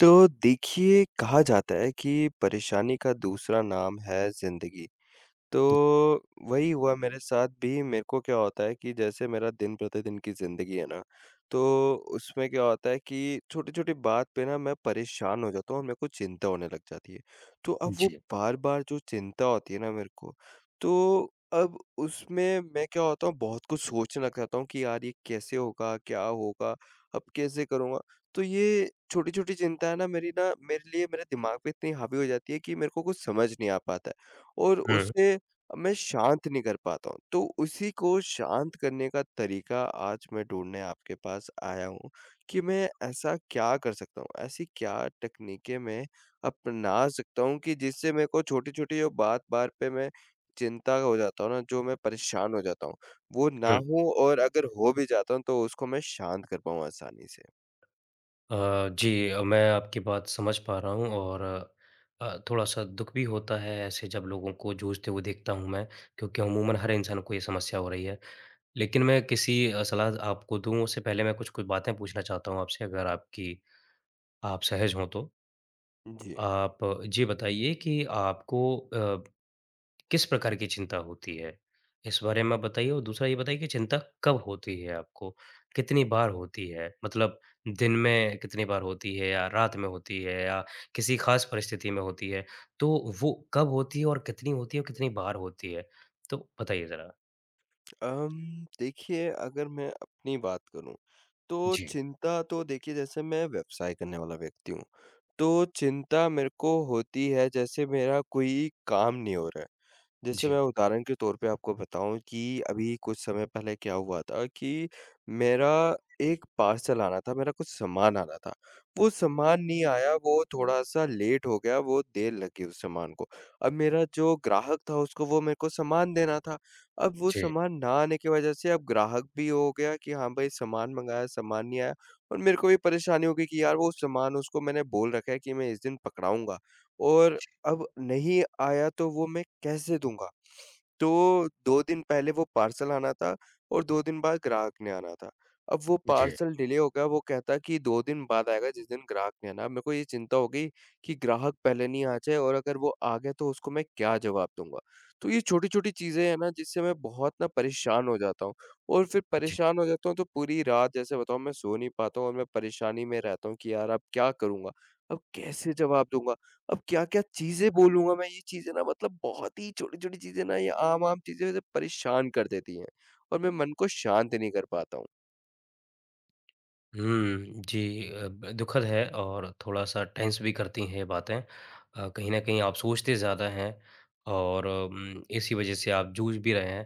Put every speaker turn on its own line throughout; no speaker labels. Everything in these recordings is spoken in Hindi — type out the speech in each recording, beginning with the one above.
तो देखिए, कहा जाता है कि परेशानी का दूसरा नाम है ज़िंदगी। तो वही हुआ मेरे साथ भी मेरे को क्या होता है कि जैसे मेरा दिन-प्रतिदिन की ज़िंदगी है ना, तो उसमें क्या होता है कि छोटी-छोटी बात पे ना मैं परेशान हो जाता हूँ और मेरे को चिंता होने लग जाती है। तो अब वो
जी।
बार-बार जो चिंता होती है ना मेरे को, तो अब उसमें मैं क्या होता हूँ बहुत कुछ सोचना चाहता हूँ कि यार ये कैसे होगा? क्या होगा? अब कैसे करूँगा? तो ये छोटी-छोटी चिंता है ना मेरी ना मेरे लिए मेरे दिमाग पे इतनी हावी हो जाती है कि मेरे को कुछ समझ नहीं आ पाता है और
है।
उसे मैं शांत नहीं कर पाता हूँ। तो उसी को शांत करने का तरीका आज मैं ढूँढने आपके पास आया हूँ कि मैं ऐसा क्या कर सकता हूँ? ऐसी क्या तकनीकें मैं अपना सकता हूँ कि जिससे मेरे को छोटी-छोटी बात बार पे मैं चिंता हो जाता हूँ न, जो मैं परेशान हो जाता हूँ वो ना
है।
होऊँ और अगर हो भी जाता हूँ तो उसको मैं शांत कर पाऊँ आसानी से?
अ, जी। अ, मैं आपकी बात समझ पा रहा हूँ और अ, थोड़ा-सा दुःख भी होता है ऐसे जब लोगों को जूझते हुए देखता हूँ मैं, क्योंकि अमूमन हर इंसान को ये समस्या हो रही है। लेकिन मैं किसी अ, सलाह आपको दूँ उससे पहले मैं कुछ-कुछ बातें पूछना चाहता हूँ आपसे अगर आपकी आप सहज हो तो?
जी।
आप अ, जे बताइए कि आपको अ, किस प्रकार की चिंता होती है? इस बारे में आप बताइए और दूसरा ये बताइए कि चिंता कब होती है आपको? कितनी बार होती है? मतलब दिन में कितनी बार होती है या रात में होती है, या किसी ख़ास परिस्थिति में होती है, तो वो कब होती है और कितनी होती है, और कितनी बार होती है? तो बताइए ज़रा।
अम्म देखिए अगर मैं अपनी बात करूँ, तो
जी।
चिंता तो देखिए, जैसे मैं व्यवसाय करने वाला व्यक्ति हूँ। तो चिंता मेरे को होती है, जैसे मेरा कोई काम नहीं हो रहा है, जैसे मैं
जी।
उदाहरण के तौर पर आपको बताऊँ कि अभी कुछ समय पहले क्या हुआ था, कि मेरा 1 पार्सल आना था। मेरा कुछ सामान आना था। वो सामान नहीं आया वो थोड़ा-सा लेट हो गया, वो देर लग गई उस सामान को। अब मेरा जो ग्राहक था उसको वो मेरे को सामान देना था अब वो
जी।
सामान ना आने की वजह से अब ग्राहक भी ये हो गया कि हाँ भाई सामान मँगाया, सामान नहीं आया और मेरे को भी परेशानी हो गई कि यार वो सामान उसको मैंने बोल रखा है कि मैं इस दिन पकड़ाऊँगा, और
जी।
अब नहीं आया तो वो मैं कैसे दूँगा? तो 2 दिन पहले वो पार्सल आना था और 2 दिन बाद ग्राहक ने आना था। अब वो
जी।
पार्सल डिले हो गया। वो कहता है कि 2 दिन बाद आएगा जिस दिन ग्राहक ने आना। मेरे को ये चिंता हो गयी, कि ग्राहक पहले नहीं आ जाए और अगर वो आ गया, तो उसको मैं क्या जवाब दूँगा। तो ये छोटी-छोटी चीजें हैं ना, जिससे मैं बहुत ना परेशान हो जाता हूँ और फिर
जी।
परेशान हो जाता हूँ, तो पूरी रात जैसे बताऊँ मैं सो नहीं पाता हूँ और मैं परेशानी में रहता हूँ, कि यार अब क्या करूँगा? अब कैसे जवाब दूँगा? अब क्या-क्या चीज़ें बोलूँगा? मैं ये चीज़ें ना मतलब बहुत ही छोटी-छोटी चीज़ें ना ये आम-आम चीज़ें परेशान कर देती हैं और मैं मन को शांत नहीं कर पाता हूँ।
हुँ, जी। अ, ब दुखद है और थोड़ा-सा टेंस भी करती हैं ये बातें। अ, कहीं न कहीं आप सोचते ज़्यादा हैं और अम, इसी वजह से आप जूझ भी रहे हैं।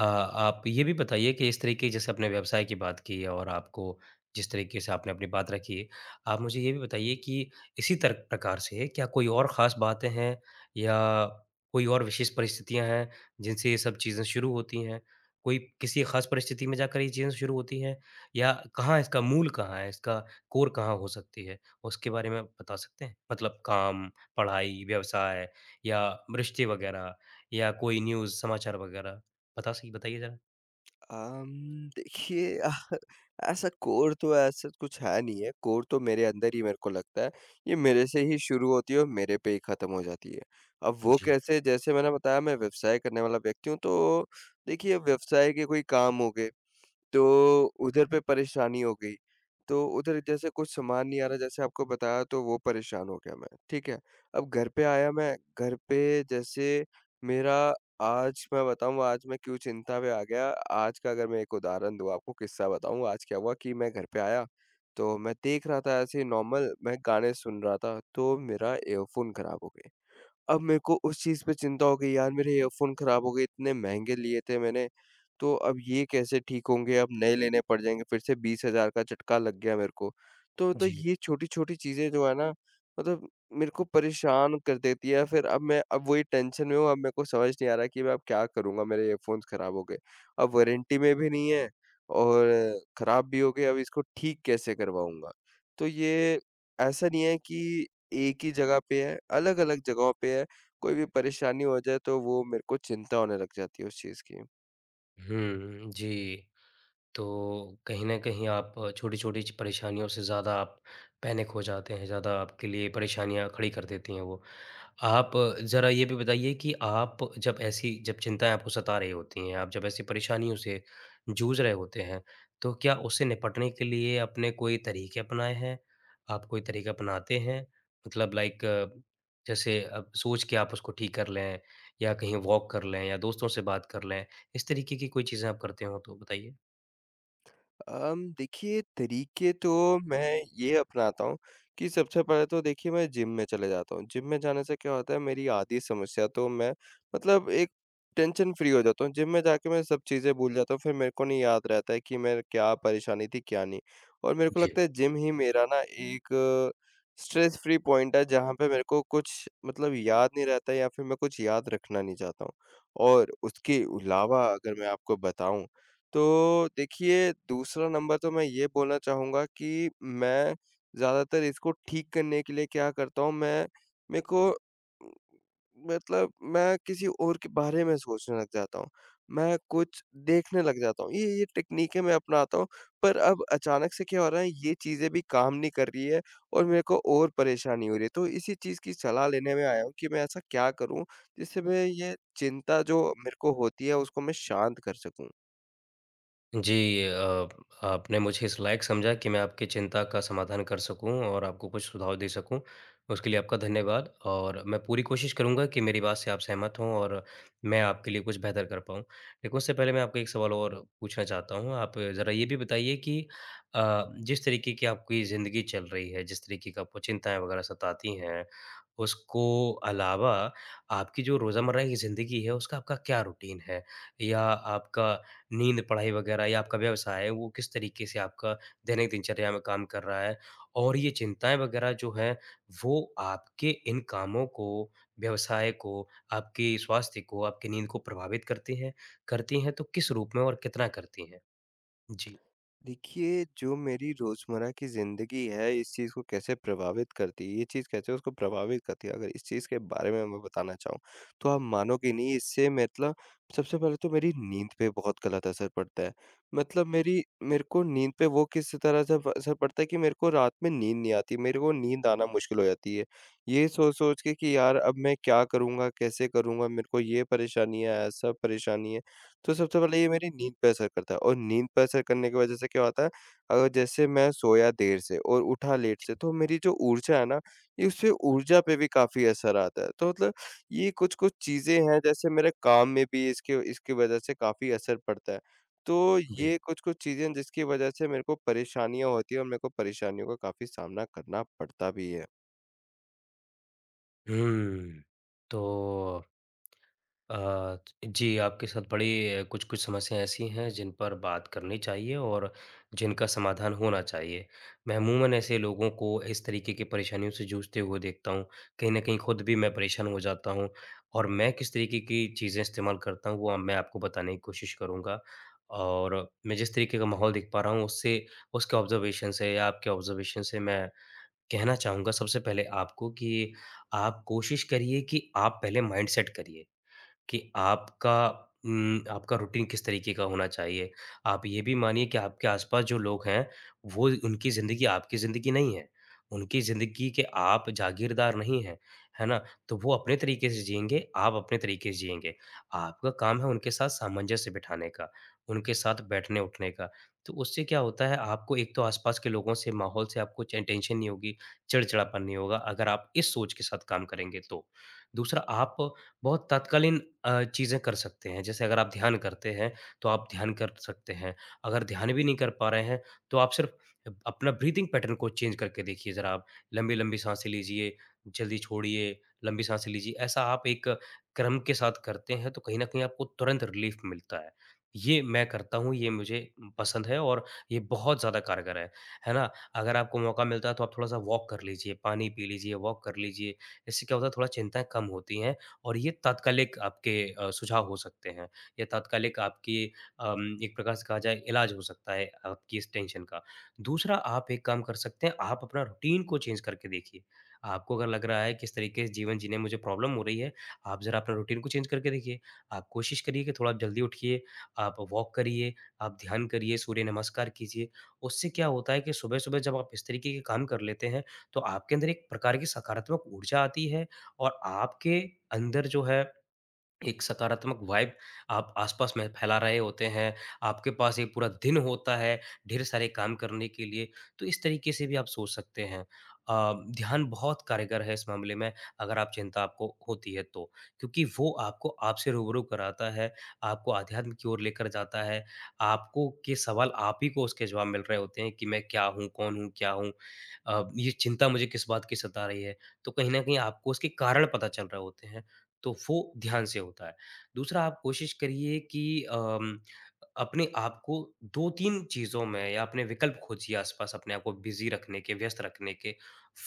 अ, आप ये भी बताइए कि इस तरीके जैसे आप अपने व्यवसाय की बात की और आपको जिस तरीके से आपने अपनी बात रखी, आप मुझे ये भी बताइए कि इसी तर प्रकार से क्या कोई और ख़ास बातें हैं? या कोई और विशेष परिस्थितियाँ हैं जिनसे ये सब चीज़ें शुरू होती हैं? कोई किसी ख़ास परिस्थिति में जाकर ये चीज़ें शुरू होती है? या कहाँ इसका मूल कहाँ है? इसका कोर कहाँ हो सकती है? उसके बारे में बता सकते हैं? मतलब काम, पढ़ाई, व्यवसाय या मृष्टि वगैरह या कोई न्यूज़ समाचार वगैरह? बता सी बताइए ज़रा।
अम्म, देखिए ऐसा कोर तो ऐसा कुछ है नहीं है। कोर तो मेरे अंदर ही मेरे को लगता है ये मेरे से
जी।
ही शुरू होती है और मेरे पे ही खत्म हो जाती है। अब वो
जी।
कैसे? जैसे मैंने बताया मैं व्यवसाय करने वाला व्यक्ति हूँ। तो देखिए व्यवसाय के कोई काम होंगे। तो उधर पे परेशानी हो गई। तो उधर जैसे कुछ सामान नहीं आ रहा जैसे आपको बताया तो वो परेशान हो गया मैं, ठीक है। अब घर पे आया मैं, घर पे जैसे मेरा आज मैं बताऊँ आज मैं क्यों चिंता में आ गया। आज का अगर मैं एक उदाहरण दूँ आपको किस्सा बताऊँ, आज क्या हुआ कि मैं घर पे आया तो मैं देख रहा था ऐसे ही नॉर्मल मैं गाने सुन रहा था तो मेरा ईयरफ़ोन खराब हो गए। अब मेरे को उस चीज पे चिंता हो गई यार मेरे ईयरफ़ोन खराब हो गए, इतने महँगे लिए थे मैंने। तो अब ये कैसे ठीक होंगे, अब नए लेने पड़ जाएँगे फिर से 20,000 का झटका लग गया मेरे को। तो तो
जी।
ये छोटी-छोटी चीजें जो है ना मतलब मेरे को परेशान कर देती है। फिर अब मैं अब वही टेंशन में हूँ अब मेरे को समझ नहीं आ रहा कि मैं अब क्या करूँगा मेरे ईयरफ़ोन खराब हो गए। अब वारंटी में भी नहीं है और खराब भी हो गए। अब इसको ठीक कैसे करवाऊँगा। तो ये ऐसा नहीं है कि एक ही जगह पे है, अलग-अलग जगहों पे है। कोई भी परेशानी हो जाए तो वो मेरे को चिंता होने लग जाती है उस चीज़ की।
हुँ, जी, तो कहीं न कहीं आप छोटी-छोटी च परेशानियों से ज़्यादा आप पैनिक हो जाते हैं, ज़्यादा आपके लिए परेशानियाँ खड़ी कर देती हैं वो। आप ज़रा ये भी बताइए कि आप जब ऐसी जब चिंताएँ आपको सता रही होती हैं, आप जब ऐसी परेशानियों से जूझ रहे होते हैं, तो क्या उससे निपटने के लिए आपने कोई तरीके अपनाएँ हैं? आप कोई तरीके अपनाते हैं? मतलब लाइक जैसे अ, सोच के आप उसको ठीक कर लें, या कहीं वॉक कर लें, या दोस्तों से बात कर लें? इस तरीके की कोई चीज़ें आप करते हों तो बताइए?
अम, देखिए तरीके तो मैं ये अपनाता हूँ, कि सबसे पहले तो देखिए मैं जिम में चले जाता हूँ। जिम में जाने से क्या होता है, मेरी आधी समस्या तो मैं मतलब एक टेंशन-फ्री हो जाता हूँ। जिम में जाके मैं सब चीज़ें भूल जाता हूँ, फिर मेरे को नहीं याद रहता है, कि मैं क्या परेशानी थी, क्या नहीं? और मेरे को
जी।
लगता है, जिम ही मेरा ना एक स्ट्रेस-फ्री पॉइंट है, जहाँ पे मेरे को कुछ मतलब याद नहीं रहता है या फिर मैं कुछ याद रखना नहीं चाहता हूँ। और उसके अलावा अगर मैं आपको बताऊँ, तो देखिए दूसरा नंबर तो मैं ये बोलना चाहूँगा, कि मैं ज़्यादातर इसको ठीक करने के लिए क्या करता हूँ, मैं मेको मतलब मैं किसी और के बारे में सोचने लग जाता हूँ। मैं कुछ देखने लग जाता हूँ। ये ये टेकनीकें मैं अपनाता हूँ, पर अब अचानक से क्या हो रहा है, ये चीज़ें भी काम नहीं कर रही है और मेरे को और परेशानी हो रही है। तो इसी चीज़ की सलाह लेने में आया हूँ कि मैं ऐसा क्या करूँ? जिससे मैं ये चिंता जो मेरे को होती है, उसको मैं शांत कर सकूँ?
जी, अ आपने मुझे इस लायक समझा कि मैं आपकी चिंता का समाधान कर सकूँ और आपको कुछ सुझाव दे सकूँ। उसके लिए आपका धन्यवाद और मैं पूरी कोशिश करूँगा कि मेरी बात से आप सहमत हों और मैं आपके लिए कुछ बेहतर कर पाऊँ। एक उससे पहले मैं आपको एक सवाल और पूछना चाहता हूँ। आप ज़रा ये भी बताइए कि अ, जिस तरीके की आपकी ज़िंदगी चल रही है, जिस तरीके की आपको चिंताएँ वग़ैरह सताती हैं। उसको अलावा आपकी जो रोज़मर्रा की ज़िंदगी है उसका आपका क्या रूटीन है? या आपका नींद, पढ़ाई वग़ैरह या आपका व्यवसाय है वो किस तरीके से आपका दैनिक दिनचर्या में काम कर रहा है? और ये चिंताएँ वग़ैरह जो हैं वो आपके इन कामों को, व्यवसाय को, आपके स्वास्थ्य को, आपकी नींद को प्रभावित करती हैं? करती हैं तो किस रूप में और कितना करती है? जी।
देखिए, जो मेरी रोज़मर्रा की ज़िंदगी है इस चीज़ को कैसे प्रभावित करती है ये चीज़ कैसे उसको प्रभावित करती है अगर इस चीज़ के बारे में मैं बताना चाहूँ। तो आप मानोगे नहीं इससे मतलब सबसे पहले तो मेरी नींद पे बहुत गलत असर पड़ता है। मतलब मेरी मेरे को नींद पे वो किस तरह से व असर पड़ता है कि मेरे को रात में नींद नहीं आती, मेरे को नींद आना मुश्किल हो जाती है। ये सोच-सोच के कि यार अब मैं क्या करूँगा? कैसे करूँगा? मेरे को ये परेशानीयाँ है, ऐसा परेशानी है। तो सबसे पहले ये मेरी नींद पे असर करता है और नींद पे असर करने की वजह से क्या होता है अगर जैसे मैं सोया देर से और उठा लेट
जी।
से तो मेरी जो ऊर्जा है न इससे ऊर्जा पे भी काफ़ी असर आता है। तो मतलब ये कुछ-कुछ चीज़ें हैं जैसे मेरे काम में भी इसके व इसके वजह से काफ़ी असर पड़ता है। तो
जी।
ये कुछ-कुछ चीज़ें हैं जिसकी वजह से मेरे को परेशानियाँ होती है और मेरे को परेशानियों का काफ़ी सामना करना पड़ता भी है।
हुँ। तो अ, ज जी आपके साथ बड़ी कुछ-कुछ समस्याँ ऐसी हैं जिन पर बात करनी चाहिए और जिनका समाधान होना चाहिए। मैं अमूमन ऐसे लोगों को इस तरीके की परेशानियों से जूझते हुए देखता हूँ। कहीं न कहीं ख़ुद भी मैं परेशान हो जाता हूँ और मैं किस तरीके की चीज़ें इस्तेमाल करता हूँ वो अब मैं आपको बताने की कोशिश करूँगा। और मैं जिस तरीके का माहौल देख पा रहा हूँ उससे उसके ऑब्ज़र्वेशन से या आपके ऑब्ज़र्वेशन से मैं कहना चाहूँगा सबसे पहले आपको कि आप कोशिश करिए कि आप पहले माइंडसेट करिए। कि आपका उम, आपका रूटीन किस तरीके का होना चाहिए? आप ये भी मानिये कि आपके आस-पास जो लोग हैं, वो उनकी ज़िन्दगी आपकी ज़िन्दगी नहीं है। उनकी ज़िन्दगी के आप जागीरदार नहीं है, है ना? तो वो अपने तरीके से जिएँगे, आप अपने तरीके से जिएँगे। आपका काम है उनके साथ सामंजस्य बिठाने का, उनके साथ बैठने-उठने का। तो उससे क्या होता है आपको एक तो आस-पास के लोगों से माहौल से आपको चाहे टेंशन नहीं होगी, चिड़चिड़ापन नहीं होगा। अगर आप इस सोच के साथ काम करेंगे तो। दूसरा आप बहुत तत्कालीन अ, चीज़ें कर सकते हैं जैसे अगर आप ध्यान करते हैं, तो आप ध्यान कर सकते हैं। अगर ध्यान भी नहीं कर पा रहे हैं, तो आप सिर्फ़ अप अपना ब्रीदिंग पैटर्न को चेंज़ करके देखिए ज़रा आप। लंबी-लंबी साँसें लीजिए, जल्दी छोड़िए, लंबी साँसें लीजिए, ऐसा आप एक क्रम के साथ करते हैं तो कहीं न कहीं आपको तुरंत रिलीफ़ मिलता है। ये मैं करता हूँ, ये मुझे पसंद है और ये बहुत ज़्यादा कारगर है। है ना? अगर आपको मौका मिलता है तो आप थोड़ा-सा वॉक कर लीजिए, पानी पी लीजिए, वॉक कर लीजिए। इससे क्या होता है थोड़ा चिंताएँ कम होती हैं और ये तात्कालिक आपके अ, सुझाव हो सकते हैं, या तात्कालिक आपकी अम एक प्रकार से कहा जाए, इलाज हो सकता है आपकी इस टेंशन का। दूसरा आप एक काम कर सकते हैं, आप अपना रूटीन को चेंज़ करके देखिए। आपको अगर लग रहा है कि इस तरीके से जीवन जीने में मुझे प्रॉब्लम हो रही है, आप ज़रा अपना रूटीन को चेंज़ करके देखिए। आप कोशिश करिए कि थोड़ा जल्दी उठिए, आप वॉक करिये, आप ध्यान करिए, सूर्य नमस्कार कीजिए। उससे क्या होता है कि सुबह-सुबह जब आप इस तरीके के काम कर लेते हैं, तो आपके अंदर एक प्रकार की सकारात्मक ऊर्जा आती है और आपके अंदर जो है, एक सकारात्मक वाइब आप आस-पास में फैला रहे होते हैं, आपके पास एक पूरा दिन होता है, ढेर सारे काम करने के लिए। तो इस तरीके से भी आप सोच सकते हैं। अ, ध्यान बहुत कारगर है इस मामले में, अगर आप चिंता आपको होती है तो। क्योंकि वो आपको आपसे रूबरू कराता है, आपको आध्यात्म की ओर लेकर जाता है, आपको के सवाल आप ही को उसके जवाब मिल रहे होते हैं कि मैं क्या हूँ? कौन हूँ? क्या हूँ? अ, ये चिंता मुझे किस बात की सता रही है? तो कहीं न कहीं आपको उसके कारण पता चल रहे होते हैं, तो वो ध्यान से होता है। दूसरा आप कोशिश करिए कि अम अपने आपको 2-3 चीज़ों में या अपने विकल्प खोजिए आस-पास अपने आपको बिज़ी रखने के व्यस्त रखने के।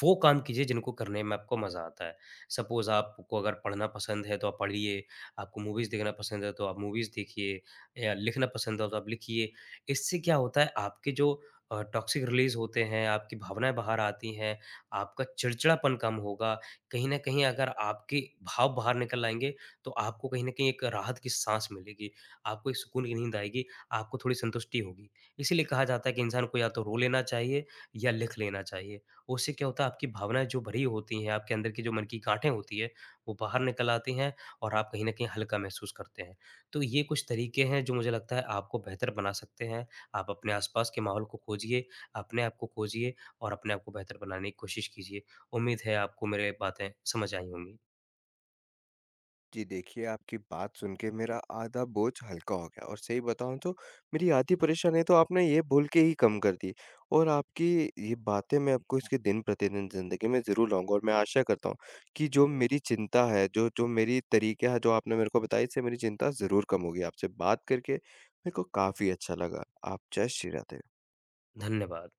वो काम कीजिए जिनको करने में आपको मज़ा आता है। सपोज़ आपको अगर पढ़ना पसंद है तो आप पढ़िए, आपको मूवीज़ देखना पसंद है तो आप मूवीज़ देखिए या लिखना पसंद है तो आप लिखिए। इससे क्या होता है, आपके जो अ, टॉक्सिक रिलीज़ होते हैं, आपकी भावनाएँ बाहर आती हैं, आपका चिड़चिड़ापन कम होगा, कहीं न कहीं अगर आपके भाव बाहर निकल आएँगे तो आपको कहीं न कहीं एक राहत की साँस मिलेगी, आपको एक सुकून की नींद आएगी, आपको थोड़ी संतुष्टि होगी। इसीलिए कहा जाता है कि इंसान को या तो रो लेना चाहिए या लिख लेना चाहिए। उससे क्या होता है आपकी भावनाएँ जो भरी होती हैं, आपके अंदर की जो मन की गाँठें होती हैं, वो बाहर निकल आती हैं और आप कहीं न कहीं हल्का महसूस करते हैं। तो ये कुछ तरीके हैं जो मुझे लगता है आपको बेहतर बना सकते हैं। आप अपने आस-पास के माहौल को खोजिए, अपने आप को खोजिए और अपने आप को बेहतर बनाने की कोशिश कीजिए। उम्मीद है आपको मेरी बातें समझ आई होंगी।
जी देखिए, आपकी बात सुन के मेरा आधा बोझ हल्का हो गया और सही बताऊँ तो मेरी आधी परेशानियाँ तो आपने ये बोल के ही कम कर दी। और आपकी ये बातें मैं आपको इसके दिन-प्रतिदिन ज़िन्दगी में ज़रूर लाऊँगा और मैं आशा करता हूँ कि जो मेरी चिंता है, जो-जो मेरी तरीका है जो आपने मेरे को बताई इससे मेरी चिंता ज़रूर कम होगी। आपसे बात करके मेरे को काफ़ी अच्छा लगा आप जय श्री राधे।
धन्यवाद।